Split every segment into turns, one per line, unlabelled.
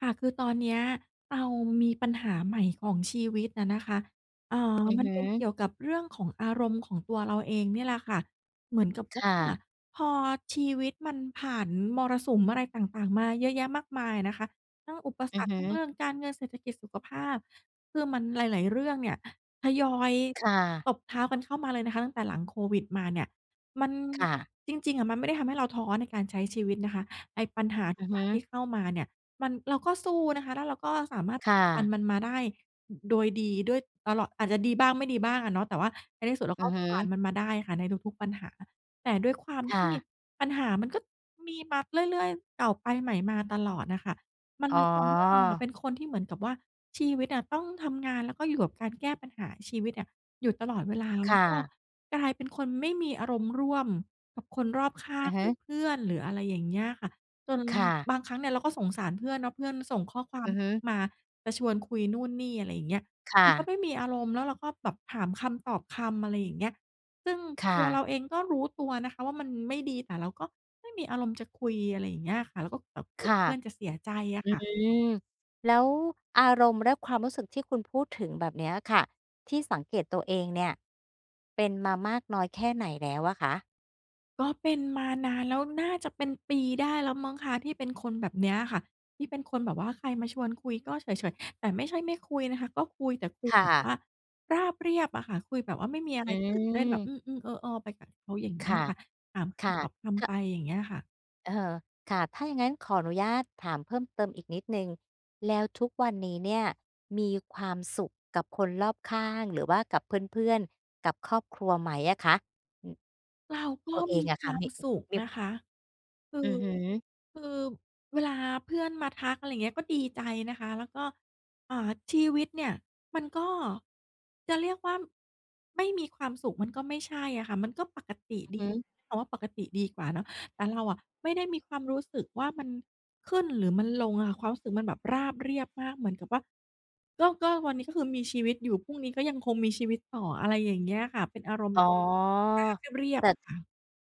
ค่ะ คือตอนเนี้ย เรามีปัญหาใหม่ของชีวิตอะนะคะ เอ่อ
อือ
มั
ฮ
นเป็นเก
ึ
ี่ยวกับ เรื่องของอารมณ์ของตัวเราเองเนี่ยแหละค่ะ เหมือนกับว
ค
่า
่ะ
พอชีวิตมันผ่านมรสุมอะไรต่าง ๆ มาเยอะแยะมากมายนะคะ ทั้งอุปส
อือ
รรค
ฮึ
ทั้งเรื่องการเงิน เศรษฐกิจ สุขภาพ คือมันหลาย ๆ เรื่องเนี่ย ทยอย
ค่ะ
ตบเท้ากันเข้ามาเลยนะคะ ตั้งแต่หลังโควิดมาเนี่ย มัน
ค่ะ
จริง ๆ อะ มันไม่ได้ทำให้เราท้อในการใช้ชีวิตนะคะ ไอ้ปัญหาท
อื
ุ
อ
ก
ฮ
อย่
ึ
างที่เข้ามาเนี่ย มัน เราก็สู้นะคะ แล้วเราก็สามารถ
ค่
ฟั
ะ
นมันมาได้โดยดีด้วย ตลอด อาจจะดีบ้าง ไม่ดีบ้างอะเนาะ แต่ว่าในที่สุด เรา
อื
ก็
อฮึ
ผ่านมันมาได้ค่ะ ในทุก ๆ ปัญหา แต่ด้วยความ
ค
ท
่
ี่
ะ
ปัญหามันก็มีมาเรื่อย ๆ เก่าไปใหม่มาตลอดน่ะค่ะ มัน
อ
เลยทำให้เราอะ
๋อ
เป็นคนที่เหมือนกับว่า ชีวิตอะต้องทำงาน แล้วก็อยู่กับการแก้ปัญหาชีวิตเนี่ย อยู่ตลอดเวลา แล้ว
ค่
ก็
ะ
กลายเป็นคนไม่มีอารมณ์ร่วมกับคนรอบข้า
อื
ง
อฮึ
หรือเพื่อน หรืออะไรอย่างเงี้ยค่ะ จน
ค่ะ
บางครั้งเนี่ย เราก็สงสารเพื่อนเนาะ เพื่อนส่งข้อควา
อ
ม
ือฮึ
มาจะชวนคุยนู่นนี่ อะไรอย่างเงี้ย
ค่
มันก
ะ
็ไม่มีอารมณ์ แล้วเราก็แบบถามคำตอบคำ อะไรอย่างเงี้ย ซึ่ง
ค่
ตัว
ะ
เราเอง ก็รู้ตัวนะคะว่ามันไม่ดี แต่เราก็ไม่มีอารมณ์จะคุย อะไรอย่างเงี้ยค่ะ แล้วก็แบบก
ค
ลัว
่ะ
เพื่อนจะเสียใจอะ
อื
ค่ะ
ม แล้วอารมณ์และความรู้สึกที่คุณพูดถึงแบบเนี้ยอะค่ะ ที่สังเกตตัวเองเนี่ย เป็นมามากน้อยแค่ไหนแล้วอะคะ?
ก็เป็นมานานแล้ว น่าจะเป็นปีได้แล้วมั้งคะ ที่เป็นคนแบบเนี้ยค่ะ ที่เป็นคนแบบว่าใครมาชวนคุยก็เฉย ๆ แต่ไม่ใช่ไม่คุยนะคะ ก็คุยแต่คุย
ค่
แบบ
ะ
ว่าราบเรียบอะค่ะ คุยแบบว่าไม่มีอะ
อ
ไร
ื
ตื่นเต้นแบบ
อ
อืม ๆ เออออไปกับเขา อย่าง
ค
งี้
่ะ
ค่ะ ถามค
ค่ะ
ำตอบค
ค
ำไ
ะ
ป อย่างเงี้ยค่ะ
เออ ค่ะ ถ้าอย่างงั้นขออนุญาตถามเพิ่มเติมอีกนิดหนึ่ง แล้วทุกวันนี้เนี่ย มีความสุขกับคนรอบข้าง หรือว่ากับเพื่อน ๆ กับครอบครัวไหมอะคะ? อือ
เราก
ต
็
ัวเอ
มี
งอะ
ค
ค
ว
่ะ
าม
มี
สุข
มี
นะคะ คื
อื
อ
อฮึ
คือเวลาเพื่อนมาทัก อะไรอย่างเงี้ย ก็ดีใจนะคะ แล้วก็ อ่า ชีวิตเนี่ย มันก็จะเรียกว่าไม่มีความสุขมันก็ไม่ใช่อะค่ะ มันก็ปกติ
อ
ด
ื
ี
อฮึ
คำว่าปกติดีกว่าเนาะ แต่เราอะไม่ได้มีความรู้สึกว่า มันขึ้นหรือมันลงอะค่ะ ความรู้สึกมันแบบราบเรียบมาก เหมือนกับว่า ก็ ก็วันนี้ ก็คือมีชีวิตอยู่ พรุ่งนี้ก็ยังคงมีชีวิตต่อ อะไรอย่างเงี้ยค่ะ เป็นอารมณ
อ
์
๋อ
ราบ เรีย
แต
บ
่
ๆ อะค่ะ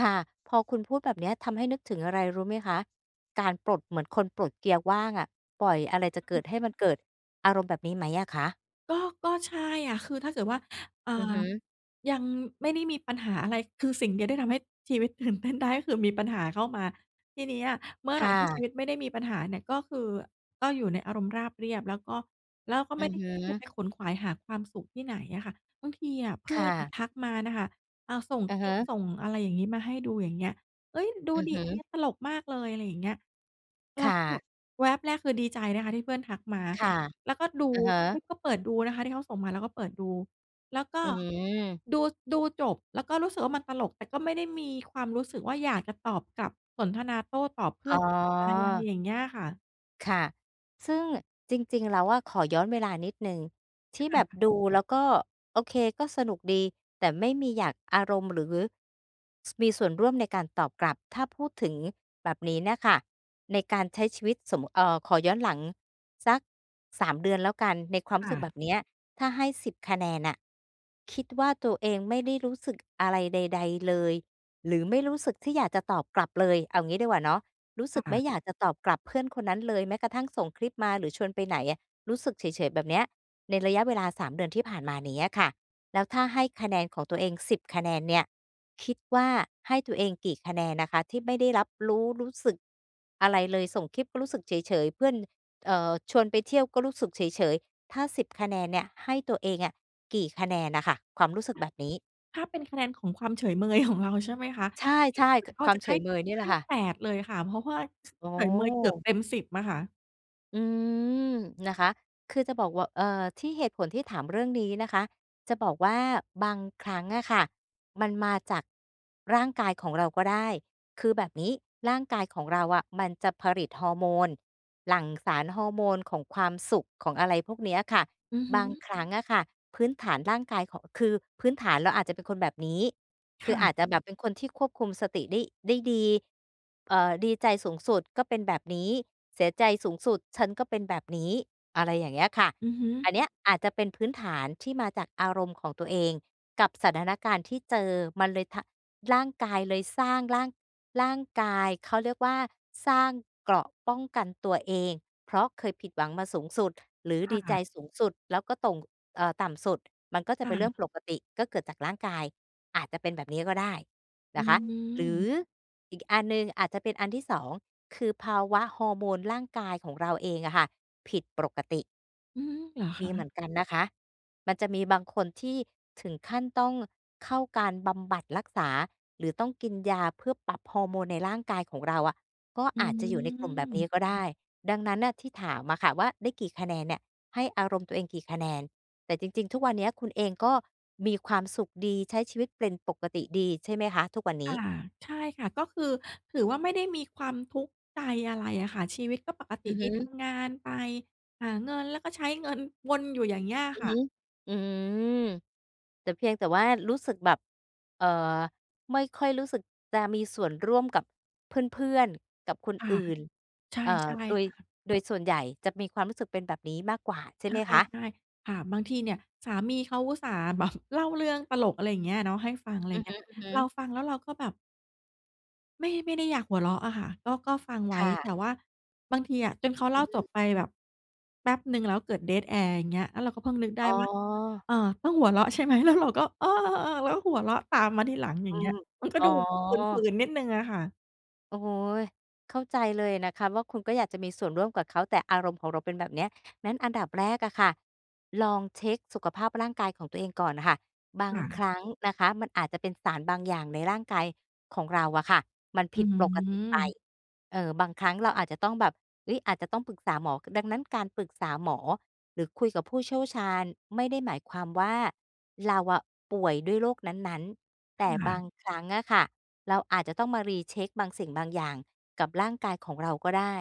ค่ะ พอคุณพูดแบบเนี้ย ทำให้นึกถึงอะไรรู้ไหมคะ? การปลดเหมือนคนปลดเกียร์ว่างอะ ปล่อยอะไรจะเกิดให้มันเกิด อารมณ์แบบนี้ไหมอะคะ?
ก็ ก็ ใช่อะ คือถ้าเกิดว่า อ่า
อือฮึ
ยังไม่ได้มีปัญหาอะไร คือสิ่งเดียวที่ทำให้ ชีวิต ตื่นเต้น ได้คือมีปัญหาเข้ามา ทีเนี้ยอะเมื่อ
ค
ไร
่
ที่ชี
ะ
วิตไม่ได้มีปัญหาเนี่ย ก็คือ ก็อยู่ในอารมณ์ราบเรียบ แล้วก็ แล้วก็
อื
ไม่
อ
ได้
ฮ
คิดจะ
ึ
ไปขวนขวายหาความสุขที่ไหนอะค่ะ บางทีอะเพ
ค
ื่อ
่
นอะ
ะ
ทักมาน่ะค่ะ อ่า ส่ง
อะ
ค
ฮ
ลิป
ะ
ส่งอะไรอย่างนี้มาให้ดู อย่างเงี้ย "เฮ้ย ดู
อือ
ดิ
ฮ
อันเนี
ึ
้ยตลกมากเลย" อะไรอย่างเงี้ย เ
ค
รา
่
ก็แบ
ะ
บแวบแรกคือดีใจนะคะ ที่เพื่อนทักมา
ค่ะ
แล้วก็ดู
อะฮ
ปุ
ะ
๊บ ก็เปิดดูนะคะ ที่เขาส่งมาแล้วก็เปิดดู แล้วก็
อืม
ดู ดูจบแล้วก็รู้สึกว่า มันตลก แต่ก็ไม่ได้มีความรู้สึกว่า อยากจะตอบกลับ สนทนาโต้ตอบเพื
อ๋
่อนกลับไป อะไร
อ
อย่างเงี้ยค่ะ
ค่ะ ซึ่งจริง ๆ แล้วอะ ขอย้อนเวลานิดหนึ่ง ที่
ค
แ
่
บบ
ะ
ดูแล้วก็โอเค ก็สนุกดี แต่ไม่มีอยาก อารมณ์ หรือ ส มีส่วนร่วมในการตอบกลับ ถ้าพูดถึงแบบนี้เนี่ยค่ะ ในการใช้ชีวิตสม เอ่อ ขอย้อนหลังสัก 3 เดือนแล้วกัน ในควา
ค
มรู
่
้สึกแบ
ะ
บเนี้ย ถ้าให้ 10 คะแนนน่ะ คิดว่าตัวเองไม่ได้รู้สึกอะไรใด ๆ เลย หรือไม่รู้สึกที่อยากจะตอบกลับเลย เอางี้ดีกว่าเนาะ รู้ส
ค
ึกไ
่
ม่
ะ
อยากจะตอบกลับเพื่อนคนนั้นเลย แม้กระทั่งส่งคลิปมาหรือชวนไปไหนอะ รู้สึกเฉย ๆ แบบเนี้ย ในระยะเวลา 3 เดือนที่ผ่านมาเนี้ยค่ะ แล้วถ้าให้คะแนนของตัวเอง 10 คะแนนเนี่ย คิดว่าให้ตัวเองกี่คะแนนนะคะ ที่ไม่ได้รับรู้ รู้สึกอะไรเลย ส่งคลิปก็รู้สึกเฉย ๆ เพื่อน เอ่อ ชวนไปเที่ยวก็รู้สึกเฉย ๆ ถ้าสิบคะแนนเนี่ย ให้ตัวเองอะ กี่คะแนนน่ะค่ะ? ความรู้สึก
ถ้
แ
า
บบนี้
ถ้าเป็นคะแนนของความเฉยเมย ของเรา ใช่ไหมคะ
ใช่ ๆ ข
ก็
ควา
จ
ม
ะ
เฉ
ให้
ยเมยนี่แห
ใ
ล
ห
ะ
้
ค่ะ
8 เลยค่ะ เพราะว่า ช
อ๋อ
เฉยเมยเกือบเต็ม 10 อะค่ะ
อืม นะคะ คือจะบอก ว เอ่อ ที่ เหตุผลที่ถามเรื่องนี้นะคะ จะบอกว่า บางครั้งอะค่ะ มันมาจากร่างกายของเราก็ได้ คือแบบนี้ร่างกายของเราอะ มันจะผลิตฮอร์โมน หลั่งสารฮอร์โมนของความสุข ของอะไรพวกเนี้ยค่ะ
อือฮ
บาง
ึ
ครั้งอะค่ะ พื้นฐานร่างกาย ขอ คือพื้นฐานเราอาจจะเป็นคนแบบนี้
ค
คื
่
ออาจจะ
ะ
แบบเป็นคนที่ควบคุมสติได้ ได้ดี เอ่อ ดีใจสูงสุดก็เป็นแบบนี้ เสียใจสูงสุดฉันก็เป็นแบบนี้ อะไรอย่างเงี้ยค่ะ
อือฮึ
อันเนี้ยอาจจะเป็นพื้นฐานที่มาจากอารมณ์ของตัวเองกับสถานการณ์ที่เจอ มันเลย ทะ ร่างกายเลยสร้าง ร่าง ร่างกาย เขาเรียกว่า สร้างเกราะป้องกันตัวเอง เพราะเคยผิดหวังมาสูงสุด หรือ
ค่
ดีใจ
ะ
สูงสุด แล้วก็ต่ง เอ่อ ต่ำสุด มันก็จะ
ค
เ
่
ป็นเรื่อ
ะ
งปกติ ก็เกิดจากร่างกาย อาจจะเป็นแบบนี้ก็ได้
อ
น
ื
ะคะ หรือ
ม
อีกอันหนึ่ง อาจจะเป็นอันที่ 2 คือภาวะฮอร์โมนร่างกายของเราเองอะค่ะ ผิดปกติ
อืม เหรอ
ม
ค
ี
ะ?
เหมือนกันนะคะ มันจะมีบางคนที่ถึงขั้นต้องเข้าการบำบัดรักษา หรือต้องกินยาเพื่อปรับฮอร์โมนในร่างกายของเราอะ ก็
อื
อาจจะอยู่ในกลุ่มแบบนี้
ม
ก็ได้ ดังนั้นน่ะ ที่ถามอะค่ะว่า "ได้กี่คะแนนเนี่ย ให้อารมณ์ตัวเองกี่คะแนน?" แต่จริง ๆ ทุกวันนี้ คุณเองก็มีความสุขดี ใช้ชีวิตเป็นปกติดีใช่ไหมคะ? ทุกวันน
ค
ี้
่ะ ใช่ค่ะ ก็คือ ถือว่าไม่ได้มีความทุกข์ใจอะไรอะค่ะ ชีวิตก็ปกต
อ
ิ
ือ
ด
ฮ
ี ท
ึ
ำงานไป หาเงิน แล้วก็ใช้ เงิน วนอยู่อย่างเงี้ย
อือ
ค่ะ
ฮึ อืม แต่ เพียงแต่ว่ารู้สึกแบบ เอ่อ ไม่ค่อยรู้สึกจะมีส่วนร่วมกับเพื่อน ๆ กับคน
ค่ะ
อื่น
ใช
เอ่อ
่
โดย
ๆ ค่ะ
โดยส่วนใหญ่จะมีความรู้สึกเป็นแบบนี้มากกว่าใช่
ใช
ไหมคะ?
่ ๆ ค่ะ บางทีเนี่ย สามีเขาอุตส่าห์ แบบ เล่าเรื่องตลก อะไรอย่างเงี้ยเนาะ ให้ฟัง อะไร
อ
อ
ื
ย่
อ
างเง
ฮ
ี้ย
ึ
เร
ๆ
าฟังแล้วเราก็แบบ ไม่ ไม่ได้อยากหัวเราะอะค่ะ ก็ ก็ฟังไว
ค
้
่ะ
แต่ว่าบางทีอะ จน
อ
เขาเ
ื
ล่
อ
า
อื
จ
ม
บไปแบบ แป๊บหนึ่งแล้วเกิด dead air อย่างเงี้ย แล้วเราก็เพิ่งนึกได้
อ๋อ
ว่า เอ่อ ต้องหัวเราะใช่ไหม? แล้วเรา ก็ เราอ้อหัวเราะตามมาทีหลังอย
อ
่า
ื
งเงี้
อ
ย มันก็
อ๋อ
ดูฝืน ๆ นิดหนึ่งอะค่ะ
โอ้โฮ เข้าใจเลยนะคะว่า คุณก็อยากจะมีส่วนร่วมกับเขา แต่อารมณ์ของเราเป็นแบบเนี้ย งั้นอันดับแรกอะค่ะลองเช็กสุขภาพร่างกายของตัวเองก่อนน่ะค่ะ บ
ค
าง
่
ค
ะ
รั้งนะคะมันอาจจะเป็นสารบางอย่างในร่างกายของเราอะค่ะมัน
อ
ผ
ื
ิดปกติไป
ม
เออ บางครั้งเราอาจจะต้องแบบ เฮ้ย อาจจะต้องปรึกษาหมอ ก ดังนั้น การปรึกษาหมอหรือคุยกับผู้เชี่ยวชาญไม่ได้หมายความว่า เราอะป่วยด้วยโรคนั้น ๆ แต
ค
่
่
บา
ะ
งครั้งอะค่ะเราอาจจะต้องมา Recheck บางสิ่งบางอย่างกับร่างกายของเราก็ได้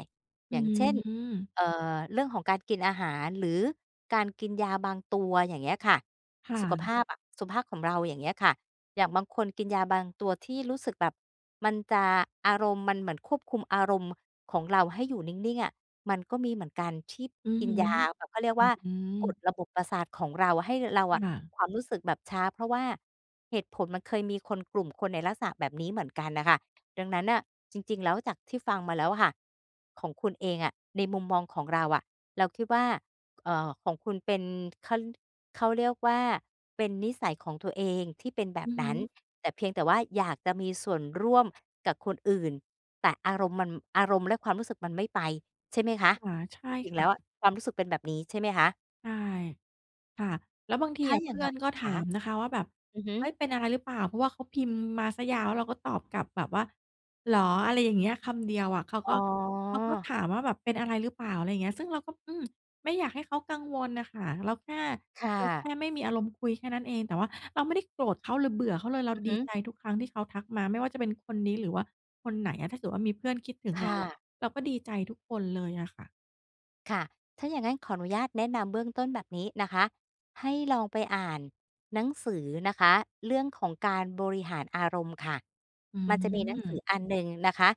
อ
อ
ื
ย่างเช่น
ม
เอ่อ เรื่องของการกินอาหารหรือการกินยาบางตัว อย่างเงี้ยค่ะ
ค่
สุขภ
ะ
าพอะ สุขภาพของเรา อย่างเงี้ยค่ะ อย่างบางคนกินยาบางตัวที่รู้สึกแบบมันจะ อารมณ์ มันเหมือนควบคุมอารมณ์ของเราให้อยู่นิ่ง ๆ อะ มันก็มีเหมือนกันที่
อือ
กิ
ฮ
น
ึ
ยาแบบ เขาเรียก
อ
ว
ื
่า
อ อื
กด
ม
ระบบประสาทของเราให้ ร เราอ
ค
ะ
่ะ
ความรู้สึกแบบช้า เพราะว่าเหตุผลมันเคยมีคน กลุ่มคนในลักษณะแบบนี้เหมือนกันน่ะค่ะ ดังนั้นน่ะ จริง ๆ แล้วจากที่ฟังมาแล้วอะค่ะ ของคุณเองอะ ในมุมมองของเราอะ เราคิดว่า ก เอ่อ ของคุณเป็น ขะลึ้น เขาเรียกว่า เป็นนิสัยของตัวเองที่เป็นแบ
อ
บ
ือ
น
ฮ
ั้น
ึ
แต่เพียงแต่ว่าอยากจะมีส่วนร่วม กับคนอื่น แต่อารมณ์มัน อารมณ์และความรู้สึกมันไม่ไป ใช่ไหมคะ?
[unintelligible] ใช
จ
่
ริง
ค
ๆ แล
่
้
ะ
วอะความรู้สึกเป็นแบบนี้ ใช่ไหมคะ?
ใช่ ค่ะ แล้วบางที
ถ้า
อะ
อ
เ
ย
พ
่าง
ื่
ง
อน
ะ
ก็ถ
ข
า
า
ม นะคะว่าแบบ
อือฮึ
"เฮ้ย! เป็นอะไรหรือเปล่า?" เพราะว่าเขาพิมพ์มาซะยาว แล้วเราก็ตอบกลับแบบว่า "เหรอ?" อะไรอย่างเงี้ย คำ เดียวอะ เขา
อ๋
ก็ เขาก็ถ
อ
ามว่าแบบ "เป็นอะไรหรือเปล่า?" อะไรเงี้ย ซึ่งเราก็ "อืม" ไม่อยากให้เขากังวลน่ะค่ะ เราแค่
ค่
เราแ
ะ
ค่ไม่มีอารมณ์คุยแค่นั้นเอง แต่ว่าเราไม่ได้โกรธเขาหรือเบื่อเขาเลย เรา
อือ
ด
ฮ
ีใจ
ึ
ทุกครั้งที่เขาทักมา ไม่ว่าจะเป็นคนนี้หรือว่าคนไหนอะ ถ้าเกิดว่ามีเพื่อนคิดถึง
ค
เร
่
าอะ
ะ
เราก็ดีใจทุกคนเลยอะค่ะ
ค่ะ ถ้าอย่างงั้นขออนุญาตแนะนำเบื้องต้นแบบนี้นะคะ ให้ลองไปอ่านหนังสือนะคะ เรื่องของการบริหารอารมณ์ค่ะ
อื
มันจะ มีหนังสือ
ม
อันหนึ่งนะคะ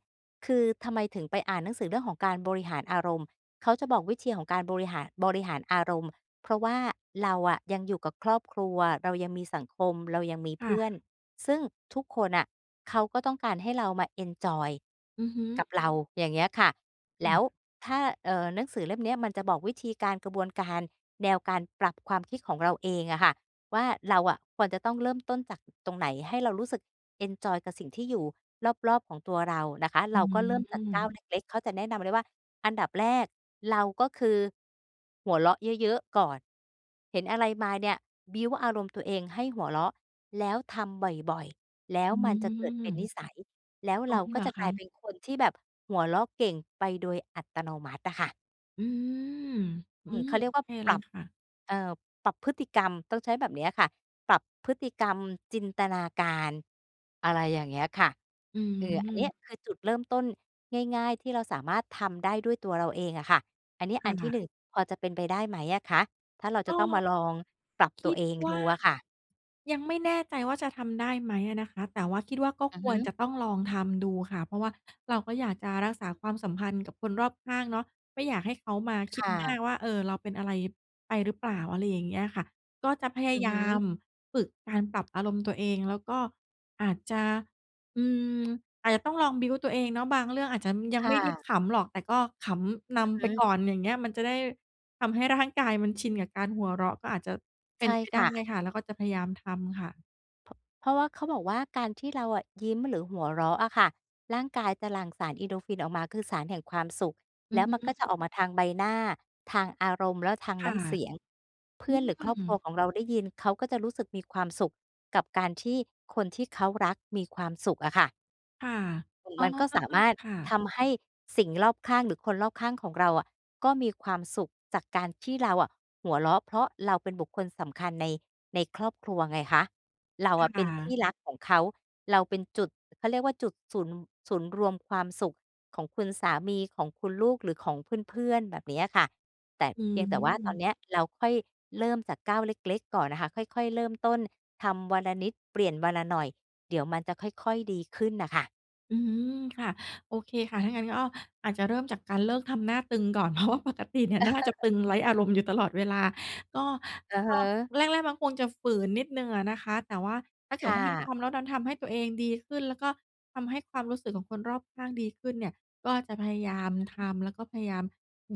คือทำไมถึงไปอ่านหนังสือเรื่องของการบริหารอารมณ์ เขาจะบอกวิธีของการโบริหาร บริหารอารมณ์ เพราะว่าเราอะยังอยู่กับครอบครัว เรายังมีสังคม เรายังมี
ค
เพ
่
ื่อน
ะ
ซึ่งทุกคนน่ะเขาก็ต้องการให้เรามาเอนจอย
อือฮึ
กับเรา อย่างเงี้ยค่ะ แ
ค
ล
่
้ว
ะ
ถ้า เอ่อ หนังสือเล่มนี้มันจะบอกวิธีการ กระบวนการแนวการปรับความคิดของเราเองอะค่ะ ว่าเราอะควรจะต้องเริ่มต้นจาก อ ตรงไหน ให้เรารู้สึกเอนจอยกับสิ่งที่อยู่รอบ ๆ ของตัวเรานะคะ
อ
เร
ื
าก็ เริ่มจากก้าว
ม
เล็ก ๆ เขาจะแนะนำเลยว่า อันดับแรกเราก็คือ หัวเราะเยอะ ๆ ก่อน เห็นอะไรมาเนี่ย บิลด์ อารมณ์ตัวเองให้หัวเราะ แล้วทำบ่อย ๆ แล้
อ
ว
ื
มันจะเกิด
ม
เป็นนิสัย แล้ว
ก
เ
อ
รา
ม
ก
เ
็
หร
จ
อ
ะ
ค
กล
ะ?
ายเป็นคนที่แบบหัวเราะเก่งไปโดยอัตโนมัติอะค่ะ
อืม อ
อ
ื
ืม เ
ม
ขาเรี
โ
ย
อ
กว่า
เค
ป
เล
รั
ย
บ
ค่ะ
เอ่อ ปรับพฤติกรรมต้องใช้แบบเนี้ยอะค่ะ ปรับพฤติ กรรมจินตนาการ อะไรอย่างเงี้ยค่ะ
อื
อือ อันนี้
ม
คือจุดเริ่มต้นง่าย ๆ ที่เราสามารถทำได้ด้วยตัวเราเองอะค่ะ อันนี้
ค
อันที่
่ะ
1 พอจะเป็นไปได้ไหมอะคะ? ถ้าเราจ
ก
ะ
็
ต้องมาลองปรับ
ค
ตั
ิ
ว
ด
เอง
ว
ด
่า
ูอะค่ะ
ยังไม่แน่ใจว่า จะทำได้ไหมอะนะคะ แต่ว่าคิดว่า ก็
อื
ค
อฮ
วร
ึ
จะต้องลองทำดูค่ะ เพราะว่าเราก็อยากจะรักษาความสัมพันธ์กับคนรอบข้างเนาะ ไม่อยากให้เขามาคิ
ค
ด
่ะ
มากว่า เออ เราเป็นอะไรไปหรือเปล่า อะไรอย่างเงี้ยค่ะ ก็จะพยา
อือ
ยา
ฮ
ม
ึ
ฝึกการปรับอารมณ์ตัวเอง แล้วก็อาจจะ อืม อาจจะต้องลอง บิลด์ ตัวเองเนาะ บางเรื่องอาจจะยั
ค
งไ
่
ม่ ได้
ะ
ขำหรอก แต่ก็ขำน
อือ
ำ
ฮ
ไป
ึ
ก่อนอย่างเงี้ย มันจะได้ทำให้ร่างกายมันชินกับการหัวเราะ ก็อาจจะเป
ใช
็น
่
ไปไ
ค
ด้
่ะ
ค่ะ แล้วก็จะพยายามทำค่ะ
เพาะ เพราะว่าเขาบอกว่า การที่เราอะยิ้ม หรือหัวเราะอะค่ะ ร่างกายจะหลั่งสาร Endorphin ออกมา คือสารแห่งความสุข
อื
แล้
อ
ว
ฮ
มันก็จ
ึ
ะออกมาทางใบหน้า ทางอารมณ์ แล้วทาง
ค
น
่
้
ะ
ำเสียง เพ
อ
ื
ื
่อนหรือ ครอบครัว
ม
ของเราได้ยิน เขาก็จะรู้สึกมีความสุขกับการที่คนที่เขารักมีความสุขอะค่ะ
ค่ะ
ตุง
อ๋อ
มันก็สามารถ
ค่
ท
ะ
ำให้สิ่งรอบข้าง หรือคนรอบข้างของเราอะ ก็มีความสุขจากการที่เราอะหัวเราะ เพราะเราเป็นบุคคลสำคัญใน ในครอบครัวไงคะ เรา
ค
อะเป
่
็นที่
ะ
รักของเขา เราเป็นจุด เขาเรียกว่า จุดศูนย์ ศูนย์รวมความสุขของคุณสามี ของคุณลูก หรือของเพื่อน ๆ แบบเนี้ยอะค่ะ แต่
อื
เพียงแต่ ว่า ตอน
ม
เนี้ยเราค่อยเริ่มจากก้าวเล็ก ๆ ก่อนน่ะค่ะ ค่อย ๆ เริ่มต้น ทำวันละนิดเปลี่ยนวันละหน่อย เดี๋ยวมันจะค่อย ๆ ดีขึ้นน่ะค่ะ
อือฮือ ค่ะ โอเคค่ะ ถ้างั้นก็อาจจะเริ่มจากการเลิกทำหน้าตึงก่อน เพราะว่าปกติเนี่ยหน้า จะตึงไร้อารมณ์อยู่ตลอดเวลา ก็
อือ
ก
ฮ
็
ึ
แรก ๆ มันคงจะฝืนนิดหนึ่งอะนะคะ แต่ว่าถ้าเก
ค
ิด
่
ว่า มัน
ะ
ทำแล้วดันทำให้ตัวเองดีขึ้น แล้วก็ทำให้ความรู้สึกของคนรอบข้างดีขึ้นเนี่ย ก็จะพยาย
อ
าม
ือฮ
ท
ึ
ำ แล้วก็พยายาม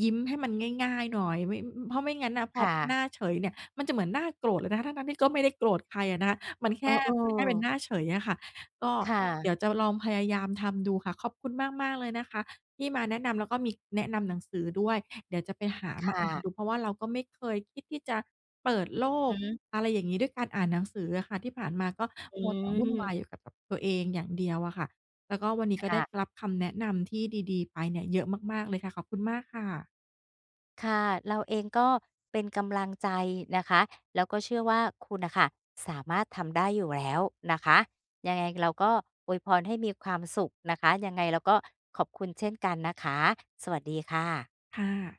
ยิ้มให้มันง่าย ๆ หน่อย ไม่ ม ม เพราะไม่งั้นน่ะพ
ค
อ
่
หน
ะ
้าเฉยเนี่ยมันจะเหมือนหน้าโกรธเลยนะคะ ทั้ง ๆ ที่ก็ไม่ได้โกรธใครอะนะ มันแค่
เอ
ฝืนให้เป็นห
อ ๆ
น้าเป็นเฉยอะค่ะ ก็
ค่
เ
ะ
ดี๋ยวจะลองพยายามทำดูค่ะ ขอบคุณมาก ๆ เลยนะคะที่มาแนะนำ แล้วก็มี แนะนำหนังสือด้วยเดี๋ยวจะไปหา
ค
มา
่
อ่า
ะ
นดู เพราะว่าเราก็ไม่เคยคิดที่จะเปิดโล
อ
ก
ือฮึ
อะไรอย่างงี้ ด้วยการอ่านหนังสืออะค่ะ ที่ผ่านมาก็
อื
มัวแต่วุ่นว
อ
ายอยู่กับ กับตัวเองอย่างเดียวอะค่ะ แล้วก็วันนี้
ค
ก็ไ
่
ด้
ะ
รับคำแนะนำที่ดี ๆ ไปเนี่ยเยอะมาก ๆ เลยค่ะ ขอบคุณมากค่ะ
ค่ะ เราเองก็เป็นกำลังใจนะคะ แล้วก็เชื่อว่าคุณน่ะค่ะ สามารถทำได้อยู่แล้วนะคะ ยังไงเราก็อวยพรให้มีความสุขนะคะ ยังไงเราก็ขอบคุณเช่นกันนะคะ สวัสดีค่ะ
ค่ะ